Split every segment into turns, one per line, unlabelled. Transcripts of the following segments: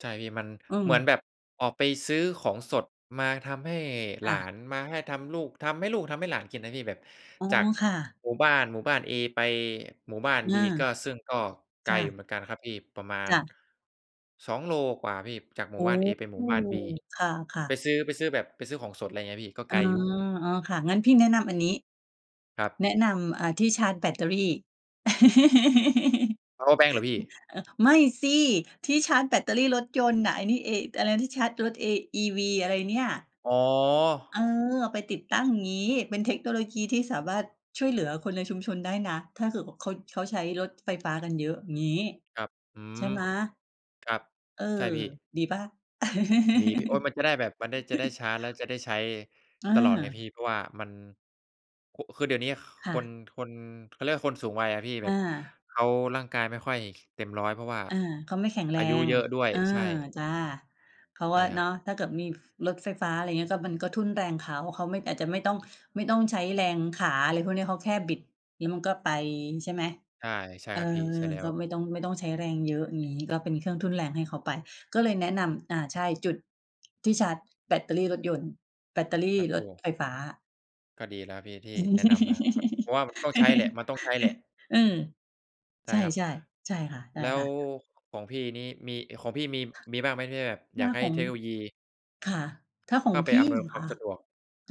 ใช่พี่ มัน
อื
เหมือน
ม
แบบออกไปซื้อของสดมาทำให้หล
อ
า
า
น มาให้ทำลูก ทำให้ลูก ทำให้หลานกินนะพี่ แบบ
อ๋อ
จาก
ค่ะ
หมู่บ้าน หมู่บ้านเอไปหมู่บ้านบีก็
เออ
ซึ่งก็ไก
จ
ล
้
อยู่
ะ
เหมือนกันครับพี่ประมาณ
จ้ะ
2 โลกว่าพี่ จากหม
โ
ู่
อ้!
บ้านเอไปหมู่บ้านบี
ค่ะ
ไป
ๆ
ซื้อ ไปซื้อแบบ ไปซื้อของสด อะไรเงี้ยพี่ ก็
อ
ไ
๋
ก
อ
ลอยู่
อ๋อ ค่ะ งั้นพี่แนะนำอันนี้
ครับ
แนะนำ อ่า ที่ชาร์จแบตเตอรี่ อือ
เพาว์เออร์แบงก์เหรอพี่?
เอ่อ ไม่สิ ที่ชาร์จแบตเตอรี่รถยนต์น่ะ ไอ้นี่ เอ อะไรนะ ที่ชาร์จรถ a EV อะไรเนี่ย
อ๋อ
เออ ไปติดตั้ง อย่างงี้ เป็นเทคโนโลยีที่สามารถช่วยเหลือคนในชุมชนได้นะ ถ้าเกิด ว เขา เขาใช้รถไฟฟ้ากันเยอะ อย่างงี้
ครับ อื
ใช่
ม
ไหม
ครับ
เออ
ใช่พี่
ดีเปล่า?
ดีพี่ โอ๊ย มันจะได้แบบ มันได้ จะได้ชาร์จแล้วจะได้ใช้
อ
ตลอดไงพี่
า
เพราะว่ามัน โคะ คือเดี๋ยวเนี้ย ค
ค่
ค
ะ
น คน เขาเรียกว่าคนสูงวัยอะพี่ แ
อ
บบ
า
เขาร่างกายไม่ค่อยเต็มร้อย เพราะว่า
อา ก็ไม่แข็งแร
อายุ
ง
เยอะด้วย
เออ
ใช่
จ้ะ เพราะ
ใ
ว
ช
่
่
า
คร
เน
ับ
าะ ถ้าเกิดมีรถไฟฟ้า อะไรเงี้ย ก็มันก็ทุ่นแรงเขา เขาไม่ อาจจะไม่ต้อง ไม่ต้องใช้แรงขา อะไรพวกนี้ เขาแค่บิด งี้ มันก็ไปใช่ไหม?
ใช่ ใช่
เออ
ครับพี่ ใช่แล้
ก็
ว
ไม่ต้อง ไม่ต้องใช้แรง เยอะ อย่างงี้ เราเป็นเครื่องทุ่นแรงให้เขาไป ก็เลยแนะนำ อ่า ใช่ จุด ที่ชาร์จ แบตเตอรี่รถยนต์ แบตเตอรี่
เป็น
ร
ต
ถ
ู้
ไฟฟ้า
ก็ดีแล้วพี่ที่แนะนำมา แบบเพรา
อ
ะว่าต้องใช้แหละ มันต้องใช้แหละ
ือ
ใช
ใ
่
ช่
ครับ
ๆ ใช่ค่ะ ใช
แล
่
้
ค
ว
่ะ
ของพี่นี่มี ของพี่มี มีบ้างไหม? ที่แบบ
ถ
อย
้
า
า
กให้
ของ
เทคโนโลยี
ค่ะ ถ้าขอ
เข้
ง
าไป
พี
อ
่
ำนวย
เหร
ค
อ
วา
ค
ม
ะ?
สะดวก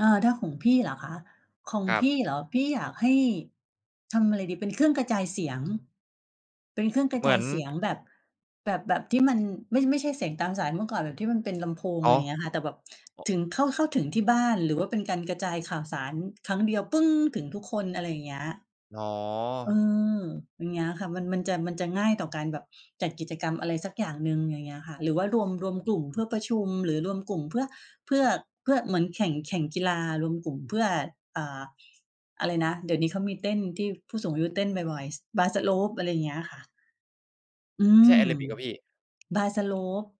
อา ถ้าของพี่เหรอคะ? ของ
ครั
พี่
บ
เหรอ? พี่อยากให้ ทำอะไรดีเป็นเครื่องกระจายเสียง เป็นเครื่องก
อ
ระ
เหม
จ
ื
า
อ
ย
น
เสียง
ถ
แบบ แบบ แบบที่มันไม่ ไม่ใช่เสียงตามสาย เมื่อก่อนแบบที่มันเป็นลำโพง
อ
อะไร
๋
อย่างเงี้ยค่ะ แต่แบบ
อ อ
ถึง เข้า เข้าถึงที่บ้านหรือว่าเป็นการกระจายข่าวสารครั้งเดียว ถึงทุกคน อะไรอย่างเงี้ย
อ๋อ
เออ อย่างเงี้ยค่ะ มัน มันจะ มันจะง่ายต่อการแบบจัดกิจกรรมอะไรสักอย่างหนึ่ง ไรเงี้ยค่ะ หรือว่ารวม รวม
อื
ก
อ
ลุ่ม
ฮ
เพื
ึ
่อประชุมหรือรวมกลุ่มเพื่อ เพื่อ เพื่อเหมือนแข่ง แข่งกีฬา รวมกลุ่มเพื่อ อ่า อะไรนะ เดี๋ยวนี้เขามีเต้น ที่ผู้สูงอายุเต้นบ่อย ๆ s Paslop อะไรอย่างเงี้ยค่ะ อื
ใช่แ
ม
อโรบิกเปล่าพี่?
Paslop